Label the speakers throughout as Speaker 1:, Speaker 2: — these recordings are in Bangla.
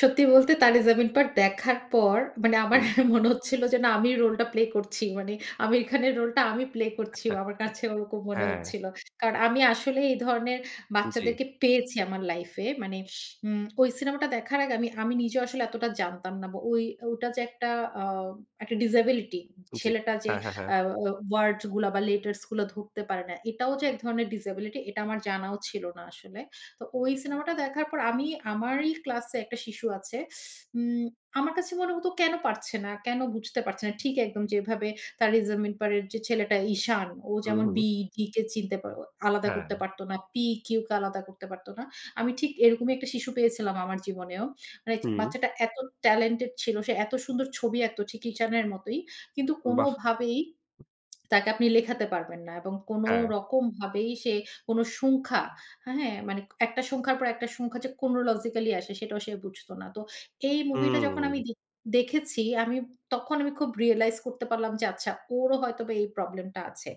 Speaker 1: সত্যি বলতে, Taare Zameen Par দেখার পর মানে আমার
Speaker 2: হু।
Speaker 1: মনে হচ্ছিল, যে না আমি রোল টা প্লে করছি। মানে আমির খানের রোলটা আমি প্লে করছি। আমার কাছে ওরকম মনে
Speaker 2: হ্যাঁ।
Speaker 1: হচ্ছিল। কারণ আমি আসলে এই ধরনের
Speaker 2: জ্বী।
Speaker 1: বাচ্চাদেরকে পেয়েছি আমার লাইফ এ। মানে উম ওই সিনেমাটা দেখার আগে আমি আমি নিজেও আসলে এতটা জানতাম না। ওই ওটা যে একটা আ একটা ডিসেবিলিটি
Speaker 2: জ্বি,
Speaker 1: ছেলেটা যে
Speaker 2: হ্যাঁ, হ্যাঁ, হ্যাঁ।
Speaker 1: আ আ ওয়ারডস গুলা, বা লেটার্স গুলা ধরতে পারে না। এটাও যে এক ধরনের ডিসেবিলিটি এটা আমার জানাও ছিল না আসলে। তো ওই সিনেমাটা দেখার পর আমি আমারই ক্লাস এ একটা শিশু আছে। উ আমার কাছে মনে হতো কেন পারছে না, কেন বুঝতে পারছে না। ঠিক একদম যেভাবে Taare Zameen Par যে ছেলেটা ঈশান। ও
Speaker 2: হু,
Speaker 1: যেমন
Speaker 2: হু।
Speaker 1: B D কে চিনতে পা আলাদা
Speaker 2: হ্যাঁ।
Speaker 1: করতে পারত না। P Q কে আলাদা করতে পারত না। আমি ঠিক এরকমই একটা শিশু পেয়েছিলাম আমার জীবনেও। মানে
Speaker 2: হুম।
Speaker 1: বাচ্চাটা এত টেলেন্টেড ছিল। সে এত সুন্দর ছবি আঁকতো ঠিক ঈশানের মতোই। কিন্তু
Speaker 2: বাহ!
Speaker 1: কোনভাবেই তাকে আপনি লেখাতে পারবেন না, এবং কোন
Speaker 2: হ্যাঁ।
Speaker 1: রকম ভাবেই সে কোন সংখ্যা, হ্যাঁ? মানে একটা সংখ্যার পর একটা সংখ্যা যে chronologically আসে সেটাও সে বুঝত না। তো এই মুভি টা যখন
Speaker 2: হুম।
Speaker 1: আমি দেখ দেখেছি, আমি তখন আমি খুব রিয়ালাইজ করতে পারলাম যে আচ্ছা ওরও হয়তোবা এই প্রবলেম টা আছে।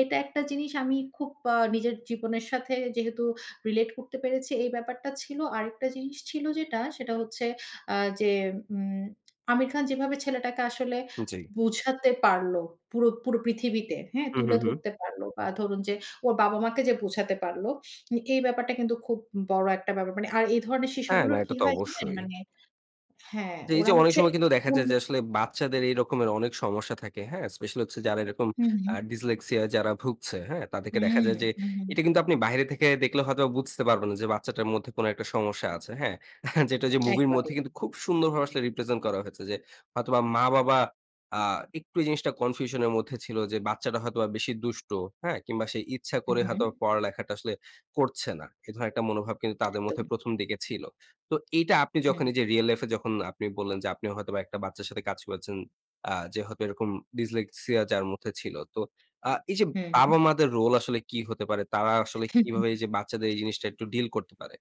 Speaker 1: এটা একটা জিনিস আমি খুব আ নিজের জীবনের সাথে যেহেতু রিলেট করতে পেরেছি। এই ব্যাপারটা ছিল। আরেকটা জিনিস ছিল যেটা, সেটা হচ্ছে আ যে উ আমির খান যেভাবে ছেলেটাকে আসলে
Speaker 2: জ্বী।
Speaker 1: বুঝাতে পারল। পুরো পুরো পৃথিবীতে, হ্যাঁ?
Speaker 2: হু, হু,
Speaker 1: তুলে
Speaker 2: হু।
Speaker 1: ধরতে পারল। বা ধরুন যে ওর বাবা মাকে যে বোঝাতে পারল। এই ব্যাপারটা কিন্তু খুব বড় একটা ব্যাপার। আর এই ধরনের
Speaker 2: হ্যাঁ, না,
Speaker 1: শিশুগুলোর কি
Speaker 2: এটা তো
Speaker 1: হয় জানেন?
Speaker 2: অবশ্যই।
Speaker 1: মানে হ্যাঁ,
Speaker 2: এই যে
Speaker 1: ওরা
Speaker 2: অনেক
Speaker 1: হচ্ছে
Speaker 2: সময় কিন্তু দেখা
Speaker 1: উ
Speaker 2: যায়, যে আসলে বাচ্চাদের এই রকমের অনেক সমস্যা থাকে। হ্যাঁ? স্পেশাল হচ্ছে যারা এরকম
Speaker 1: হুম,
Speaker 2: আ
Speaker 1: হুম।
Speaker 2: Dyslexia যারা ভুগছে, হ্যাঁ? তাদেরকে দেখা যায় যে
Speaker 1: হুম। হু।
Speaker 2: এটা কিন্তু আপনি বাইরে থেকে দেখলে হয়তো বুঝতে পারবেন, না যে বাচ্চাটার মধ্যে কোন একটা সমস্যা আছে। হ্যাঁ? যেটা যে মুভির মধ্যে
Speaker 1: একেবারেই।
Speaker 2: কিন্তু খুব সুন্দরভাবে আসলে রিপ্রেজেন্ট করা হয়েছে যে হয়তোবা মা বাবা আ একটু জিনিসটা কনফিউশন এর মধ্যে ছিল, যে বাচ্চাটা হয়তোবা বেশি দুষ্ট, হ্যাঁ? কিংবা সে ইচ্ছা
Speaker 1: হুম,
Speaker 2: করে
Speaker 1: হুম।
Speaker 2: হয়তো পড়ালেখাটা আসলে করছে না। এ ধরনের একটা মনোভাব কিন্তু তাদের মধ্যে
Speaker 1: একদম।
Speaker 2: প্রথম দিকে ছিল। তো এইটা আপনি যখন এই
Speaker 1: হুম।
Speaker 2: যে রিয়াল লাইফ এ যখন আপনি বললেন, যে আপনি হয়তোবা একটা বাচ্চার সাথে কাজ করেছেন আ যে হয়তো এরকম Dyslexia যার মধ্যে ছিল। তো আ এই যে বাবা
Speaker 1: হুম।
Speaker 2: মাদের রোল আসলে কি হতে পারে, তারা আসলে
Speaker 1: হুম।
Speaker 2: কিভাবে যে বাচ্চাদের এই জিনিসটা একটু ডিল করতে পারে?